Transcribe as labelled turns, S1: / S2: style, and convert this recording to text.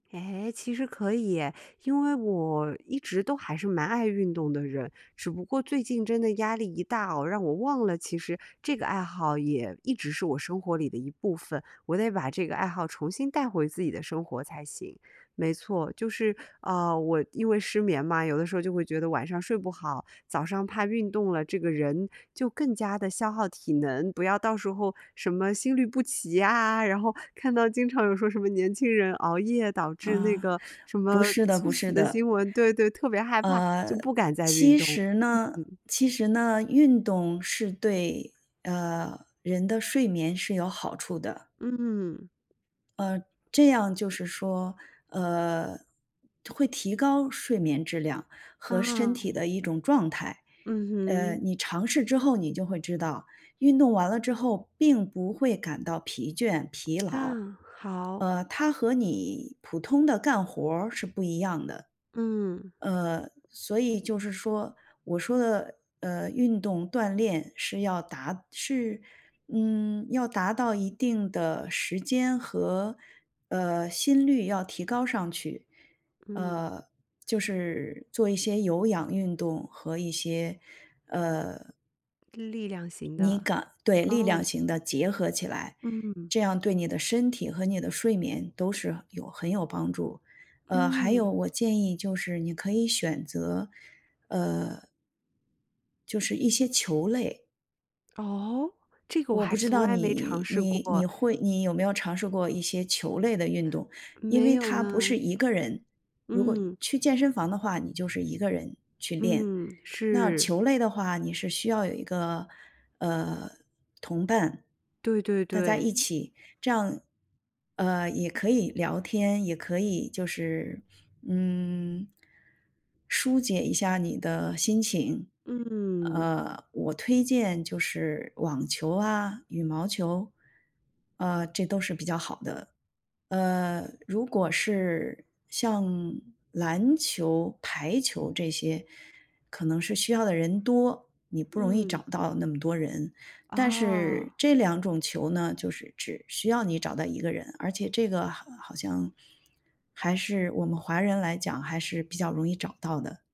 S1: 诶，其实可以耶。因为我一直都还是蛮爱运动的人，只不过最近真的压力一大啊，让我忘了其实这个爱好也一直是我生活里的一部分，我得把这个爱好重新带回自己的生活才行。没错，就是，呃，我因为失眠嘛，有的时候就会觉得晚上睡不好，早上怕运动了这个人就更加地消耗体能，不要到时候什么心律不齐呀，然后看到经常有说什么年轻人熬夜导致那
S2: 嗯，
S1: 个什
S2: 不
S1: 么
S2: 是的
S1: 猝
S2: 不
S1: 死
S2: 是
S1: 的新
S2: 的。
S1: 闻。对对，特别害怕，就
S2: 呃，
S1: 不敢再运
S2: 其
S1: 动，
S2: 实呢
S1: 嗯嗯。
S2: 其实呢，运动是对，呃，人的睡眠是有好处的。
S1: 嗯。
S2: 嗯，这样就是说，呃，会提高睡眠质量和身
S1: 啊。
S2: 体的一种状态。
S1: 嗯
S2: 呃，
S1: 哼。
S2: 你尝试之后，你就会知道，运动完了之后并不会感到疲倦、疲劳。
S1: 嗯，好。
S2: 呃，它和你普通的干活儿是不一样的。
S1: 嗯。
S2: 呃，所以就是说，我说的，呃，运动锻炼是要达是，嗯，要达到一定的时间和，呃，心率要提高上去。
S1: 嗯。
S2: 呃，就是做一些有氧运动和一些，呃
S1: 力量型
S2: 那
S1: 的，
S2: 个对，力量
S1: 哦。
S2: 型的结合起来。
S1: 嗯。
S2: 这样对你的身体和你的睡眠都是有很有帮助，呃，还有
S1: 嗯。
S2: 我建议就是你可以选择，呃就是一些球类。
S1: 哦？这个我
S2: 我
S1: 还
S2: 不知
S1: 从
S2: 道
S1: 来没尝
S2: 你
S1: 试
S2: 你你
S1: 过。
S2: 会你有没有尝试过一些球类的运动？因
S1: 没
S2: 为
S1: 有
S2: 它不
S1: 呢。
S2: 是一个人。如果
S1: 嗯。
S2: 去健身房的话你就是一个人去练，
S1: 嗯，
S2: 那
S1: 是。
S2: 球类的话你是需要有一个，呃，同伴。
S1: 对对
S2: 大家一
S1: 对。
S2: 起这样，呃，也可以聊天，也可以就是，嗯，舒解一下你的心情。
S1: 嗯。
S2: 呃，我推荐就是网球啊、羽毛球，呃，这都是比较好的。呃，如果是像篮球排球这些，可能是需要的人多，你不容易找
S1: 嗯。
S2: 到那么多人。但是
S1: 啊。
S2: 这两种球呢，就是只需要你找到一个人，而且这个好好像还是我们华人来讲，还是比较容易找到的。